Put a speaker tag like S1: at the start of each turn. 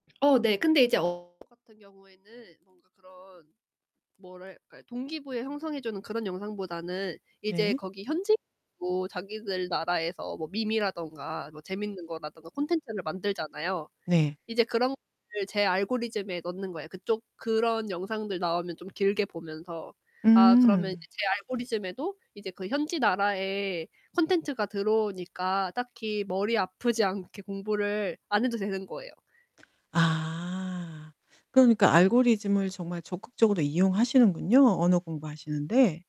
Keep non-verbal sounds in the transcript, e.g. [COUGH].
S1: 어, 네. 근데 이제 어 [UNINTELLIGIBLE] 같은 경우에는 뭔가 그런 뭐랄까? 동기부여 형성해 주는 그런 영상보다는 이제
S2: 네.
S1: 거기 현지인도 자기들 나라에서 뭐 밈이라던가 뭐 재밌는 거라던가 콘텐츠를 만들잖아요.
S2: 네.
S1: 이제 그런 것들을 제 알고리즘에 넣는 거예요. 그쪽 그런 영상들 나오면 좀 길게 보면서 아 그러면
S2: 음.
S1: 이제 제 알고리즘에도 이제 그 현지 나라의 컨텐츠가 들어오니까 딱히 머리 아프지 않게 공부를 안 해도 되는 거예요.
S2: 아. 그러니까 알고리즘을 정말 적극적으로 이용하시는군요, 언어 공부하시는데.